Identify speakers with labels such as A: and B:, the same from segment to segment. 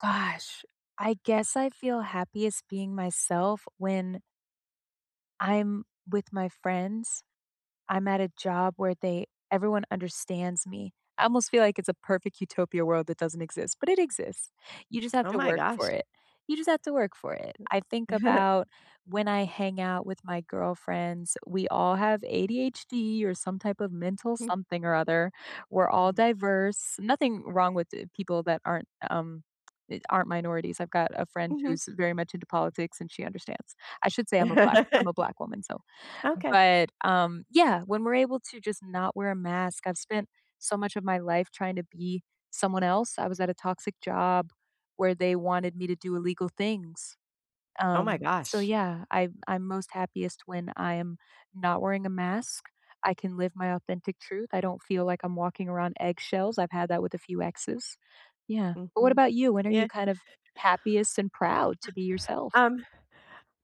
A: Gosh, I guess I feel happiest being myself when I'm with my friends. I'm at a job where they everyone understands me, I almost feel like it's a perfect utopia world that doesn't exist, but it exists. You just have
B: Oh,
A: to
B: my
A: work for
B: gosh.
A: it, you just have to work for it.
B: W
A: I think about when I hang out with my girlfriends, we all have ADHD or some type of mental
B: Hmm.
A: something or other. We're all
B: Mhm.
A: diverse. Nothing wrong with t people that aren't, um, e aren't minorities, I've got a friend
B: Mhm.
A: who's very much into politics, and she understands. I should say I'm a black I'm a black woman, so
B: Okay.
A: but, um, yeah, when we're able to just not wear a mask, I've spent so much of my life trying to be someone else. I was at a toxic job where they wanted me to do illegal things.
B: Oh, my
A: Um, so,
B: gosh.
A: yeah, I'm I'm most happiest when I am not wearing a mask, I can live my authentic truth, I don't feel like I'm walking around eggshells. I've had that with a few exes. Yeah. But, what
B: Mhm.
A: about you? When are you
B: Yeah.
A: kind of happiest and proud to be yourself?
B: Um.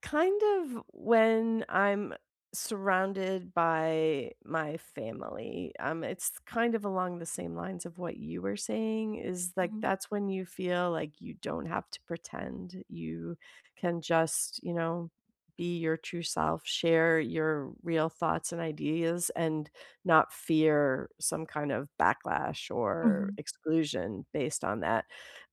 B: Kind of when I'm surrounded by my family. Um, it's kind of along the same lines of what you were saying, is like
A: Mhm.
B: that's when you feel like you don't have to pretend, you can just, you know, be your true self, share your real thoughts and ideas, and not fear some kind of backlash or
A: Mhm.
B: exclusion based on that.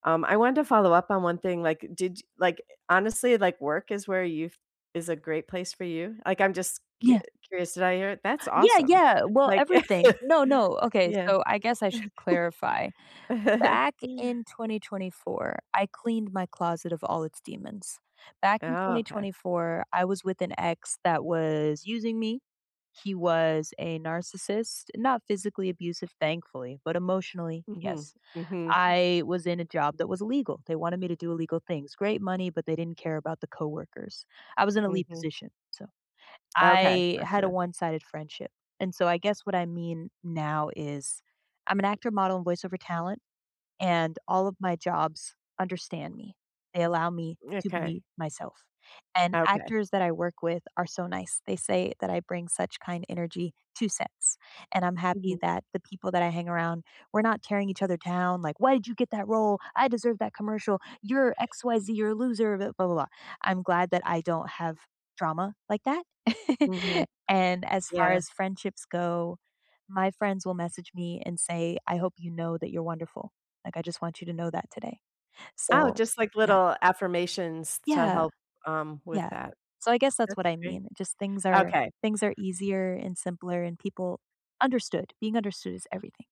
B: Um, I wanted to follow-up on one thing, like, did y like, honestly, like, work is where you f is a great place for you? Like, I'm just cu
A: Yeah.
B: curious, did I hear that's
A: Yeah,
B: awesome.
A: yeah. Well,
B: Like
A: everything. No, no. Okay,
B: yeah.
A: so, I guess I should clarify. Back in 2024, I cleaned my closet of all its demons. Back in
B: Oh,
A: twenty
B: okay.
A: twenty four, I was with an ex that was using me, he was a narcissist. Not physically abusive, thankfully, but emotionally,
B: Mhm.
A: yes.
B: Mhm. Mm.
A: I was in a job that was illegal, they wanted me to do illegal things. Great money, but they didn't care about the coworkers. I was in a lead
B: Mhm.
A: position, so.
B: Okay.
A: I had a
B: Gotcha.
A: one-sided friendship, and so I guess what I mean now is I'm an actor, model, and voice-over talent, and all of my jobs understand me, they allow me to
B: Okay.
A: be myself. And
B: Okay.
A: actors that I work with are so nice, they say that I bring such kind energy to sets. And I'm happy
B: Mhm.
A: that the people that I hang around, we're not tearing each other down like, "Why did you get that role? I deserve that commercial. You're X, Y, Z. You're a loser, b blah blah blah." I'm glad that I don't have drama like that.
B: Mhm.
A: And, as far
B: Yeah.
A: as friendships go, my friends will message me and say, "I hope you know that you're wonderful. Like, I just want you to know that today."
B: Oh,
A: So,
B: just, like,
A: yeah.
B: little affirmations to
A: Yeah.
B: help, um, with
A: Yeah.
B: that.
A: So, I guess that's
B: That's
A: what I
B: great.
A: mean. Just things are
B: Okay.
A: things are easier and simpler and people understood, being understood is everything.